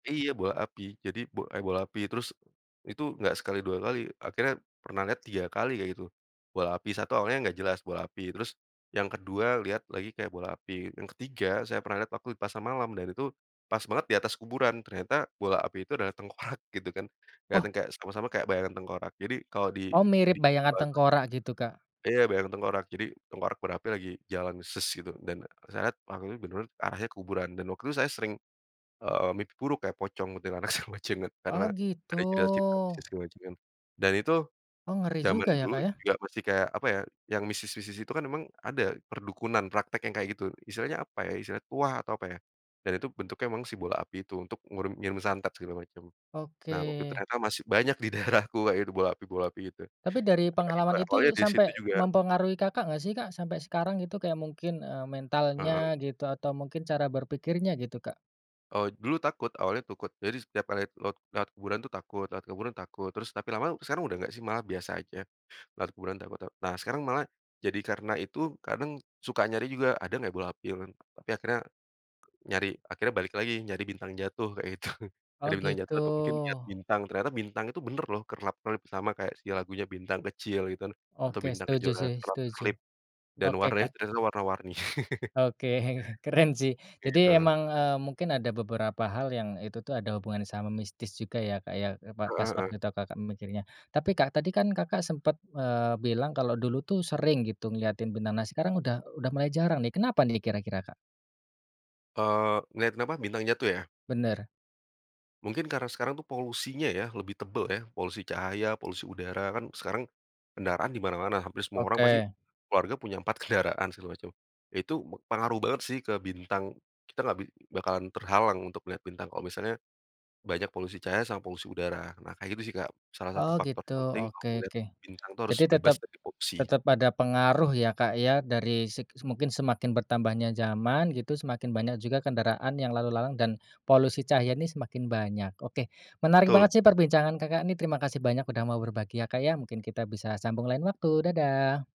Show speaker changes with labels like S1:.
S1: Iya, bola api jadi b eee, bola api terus itu nggak sekali 2 kali, akhirnya pernah lihat 3 kali kayak gitu. Bola api 1 awalnya nggak jelas bola api terus yang ke-2 lihat lagi kayak bola api, yang ke-3 saya pernah lihat waktu di pasar malam dan itu pas banget di atas kuburan ternyata bola api itu adalah tengkorak gitu kan
S2: Oh.
S1: keliatan kayak samar-samar kayak bayangan tengkorak, jadi kalau di
S2: Oh mirip
S1: di
S2: bayangan
S1: Jawa itu
S2: tengkorak gitu, Kak?
S1: iya, bayangan tengkorak. Jadi tengkorak berapi lagi jalan ses gitu dan saya waktu itu menurut arahnya kuburan dan waktu itu saya sering, eee, mimpi buruk kayak pocong, kuntilanak, sama [unintelligible] karena
S2: Oh gitu.
S1: ada cerita-cerita mistis juga gitu kan dan itu
S2: Oh ngeri
S1: zaman
S2: juga ya,
S1: dulu
S2: Kak, ya.
S1: juga masih kayak apa ya, yang mistis-mistis itu kan memang ada perdukunan praktek yang kayak gitu. Istilahnya apa ya istilahnya tuah atau, apa ya, dan itu bentuknya memang si bola api itu untuk ngirum ngirim santet segala macam. Nah waktu itu
S2: Oke.
S1: ternyata masih banyak di daerahku kayak gitu bola api bola api itu, dan
S2: Tapi dari
S1: ada juga
S2: pengalaman
S1: awalnya
S2: itu
S1: disitu
S2: sampai
S1: juga.
S2: mempengaruhi, Kakak, nggak sih, Kak? Sampai sekarang gitu, kayak mungkin, eee,
S1: Heeh.
S2: mentalnya gitu atau mungkin cara berpikirnya gitu, Kak?
S1: Oh dulu takut awalnya takut jadi setiap kali lot lewat kuburan itu takut, lewat kuburan takut terus tapi lama-lama sekarang udah nggak sih malah biasa aja. Nah kemudian dapat nah sekarang malah jadi karena itu kadang suka nyari juga, ada nggak bola api kan tapi akhirnya nyari akhirnya balik lagi nyari bintang jatuh kayak gitu. Nyari
S2: Oh
S1: bintang
S2: gitu.
S1: jatuh atau mungkin lihat bintang ternyata bintang itu bener loh kerlap-kerlip sama kayak si lagunya bintang kecil gitu kan, atau
S2: Oke
S1: bintang
S2: setuju
S1: kejora
S2: sih, setuju.
S1: kerlap-kerlip dan
S2: Oke,
S1: warnanya
S2: kak.
S1: ternyata warna-warni.
S2: Oke, keren sih
S1: Kayak gitu,
S2: jadi
S1: oke.
S2: emang, eee, mungkin ada beberapa hal yang itu tuh ada hubungannya sama mistis juga ya, Kak, ya, e pa pas
S1: Heeh heeh.
S2: waktu itu, Kakak, mikirnya. Tapi Kak tadi kan Kakak sempat, eee, bilang kalau dulu tuh sering gitu ngeliatin, [unintelligible] nah sekarang udah udah mulai jarang nih kenapa nih kira-kira, Kak?
S1: Eee, ngeliatin apa? Bintang jatuh ya?
S2: Bener.
S1: Mungkin karena sekarang tuh polusinya ya lebih tebel ya polusi cahaya, polusi udara kan sekarang kendaraan di mana-mana hampir semua orang pasti
S2: Oke.
S1: keluarga punya 4 kendaraan segala macam, itu pengaruh banget sih ke bintang. Kita nggak bi bakalan terhalang untuk melihat bintang kalau misalnya banyak polusi cahaya sama polusi udara. Nah kayak gitu sih, Kak, salah 1
S2: Oh
S1: faktor
S2: gitu,
S1: penting kalau
S2: oke
S1: mau melihat
S2: oke.
S1: bintang harus
S2: Jadi
S1: bebas
S2: tetep
S1: dari polusi.
S2: tetep ada pengaruh ya, Kak, ya, dari seg mungkin semakin bertambahnya zaman gitu semakin banyak juga kendaraan yang lalu lalang dan polusi cahaya ini semakin banyak. Oke, menarik banget
S1: Betul.
S2: sih perbincangan, Kakak, ini terima kasih banyak udah mau berbagi ya, Kak, ya, mungkin kita bisa sambung lain waktu, dadah.